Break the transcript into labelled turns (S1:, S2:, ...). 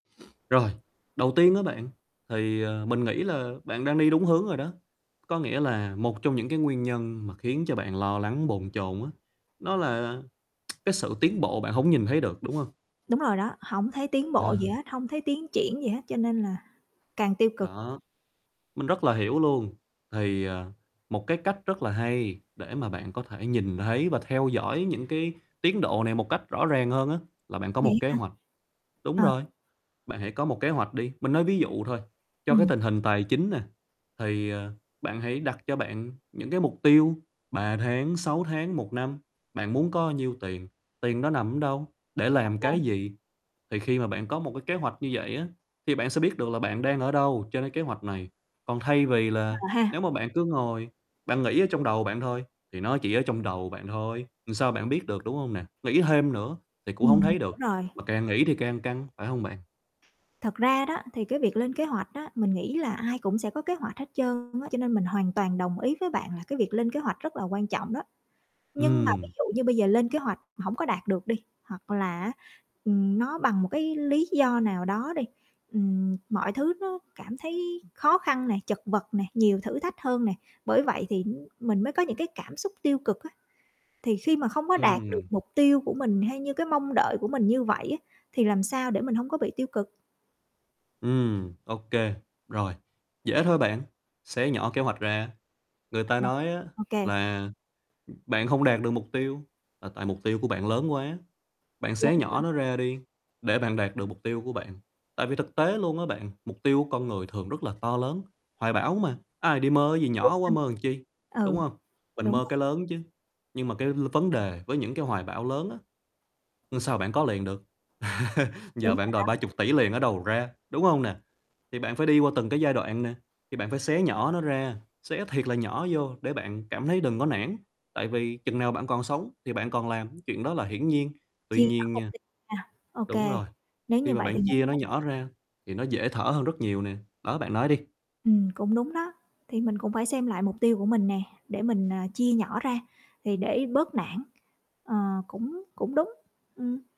S1: Rồi, đầu tiên á bạn, thì, ờ, mình nghĩ là bạn đang đi đúng hướng rồi đó, có nghĩa là một trong những cái nguyên nhân mà khiến cho bạn lo lắng, bồn chồn á, nó là cái sự tiến bộ bạn hổng nhìn thấy được, đúng hông?
S2: Đúng rồi đó, hổng thấy tiến bộ gì
S1: À.
S2: hết, hông thấy tiến triển gì hết, cho nên là càng tiêu cực.
S1: Đó. Mình rất là hiểu luôn, thì, ờ, một cái cách rất là hay để mà bạn có thể nhìn thấy và theo dõi những cái tiến độ này một cách rõ ràng hơn á, là bạn có một
S2: Vậy
S1: kế
S2: hả?
S1: hoạch, đúng
S2: Ờ.
S1: rồi, bạn hãy có một kế hoạch đi. Mình nói ví dụ thôi, cho cái
S2: Ừm.
S1: tình hình tài chính nè, thì, ờ, bạn hãy đặt cho bạn những cái mục tiêu, 3 tháng, 6 tháng, 1 năm, bạn muốn có nhiêu tiền, tiền đó nằm ở đâu, để
S2: Ô
S1: làm cái
S2: kê.
S1: gì? Thì khi mà bạn có một cái kế hoạch như vậy á, thì bạn sẽ biết được là bạn đang ở đâu trên cái kế hoạch này, còn thay vì là
S2: Ờ ha.
S1: nếu mà bạn cứ ngồi, bạn nghĩ ở trong đầu bạn thôi, thì nó chỉ ở trong đầu bạn thôi, làm sao bạn biết được, đúng hông nè? Nghĩ thêm nữa thì cũng hông
S2: Ừm,
S1: thấy được,
S2: rồi.
S1: mà càng nghĩ thì càng căng, phải hông bạn?
S2: Thật ra đó, thì cái việc lên kế hoạch á, mình nghĩ là ai cũng sẽ có kế hoạch hết trơn á, cho nên mình hoàn toàn đồng ý với bạn là cái việc lên kế hoạch rất là quan trọng đó. Nhưng mà ví
S1: Ừm.
S2: dụ như bây giờ lên kế hoạch mà hổng có đạt được đi, hoặc là á, ừm, nó bằng một cái lý do nào đó đi, ừm, mọi thứ nó cảm thấy khó khăn nè, chật vật nè, nhiều thử thách hơn nè, bởi vậy thì, ừm, mình mới có những cái cảm xúc tiêu cực á, thì khi mà không có đạt được
S1: Ừm.
S2: mục tiêu của mình hay như cái mong đợi của mình như vậy á, thì làm sao để mình hổng có bị tiêu cực?
S1: Ừm, OK, rồi, dễ thôi bạn, xé nhỏ kế hoạch ra, người ta
S2: Ờ,
S1: nói á
S2: OK.
S1: là, bạn không đạt được mục tiêu là tại mục tiêu của bạn lớn quá, bạn
S2: Đúng
S1: xé
S2: rồi.
S1: nhỏ nó ra đi để bạn đạt được mục tiêu của bạn, tại vì thực tế luôn á bạn, mục tiêu của con người thường rất là to lớn, hoài bão mà, ai đi mơ gì
S2: Đúng
S1: nhỏ quá mơ làm chi,
S2: ha.
S1: đúng
S2: Ừ,
S1: hông? Mình
S2: đúng
S1: mơ
S2: rồi.
S1: cái lớn chứ, nhưng mà cái l vấn đề với những cái hoài bão lớn á, làm sao bạn có liền được? Giờ
S2: Đúng rồi
S1: bạn đòi ba
S2: đó.
S1: chục tỷ liền ở đâu mà ra, đúng hông nè? Thì bạn phải đi qua từng cái giai đoạn nè, thì bạn phải xé nhỏ nó ra, xé thiệt là nhỏ vô, để bạn cảm thấy đừng có nản, tại vì chừng nào bạn còn sống thì bạn còn làm, chuyện đó là hiển nhiên, tuy
S2: Chia nhỏ
S1: nhiên
S2: mục
S1: nha
S2: tiêu ra. OK,
S1: đúng rồi,
S2: nếu
S1: khi
S2: như
S1: mà
S2: vậy thì
S1: bạn
S2: mình
S1: chia nó
S2: cũng
S1: nhỏ ra thì nó dễ thở hơn rất nhiều nè, đó bạn nói đi.
S2: Ừm, cũng đúng đó, thì mình cũng phải xem lại mục tiêu của mình nè, để mình, à, chia nhỏ ra, thì để bớt nản, ờ, cũng cũng đúng, ừm.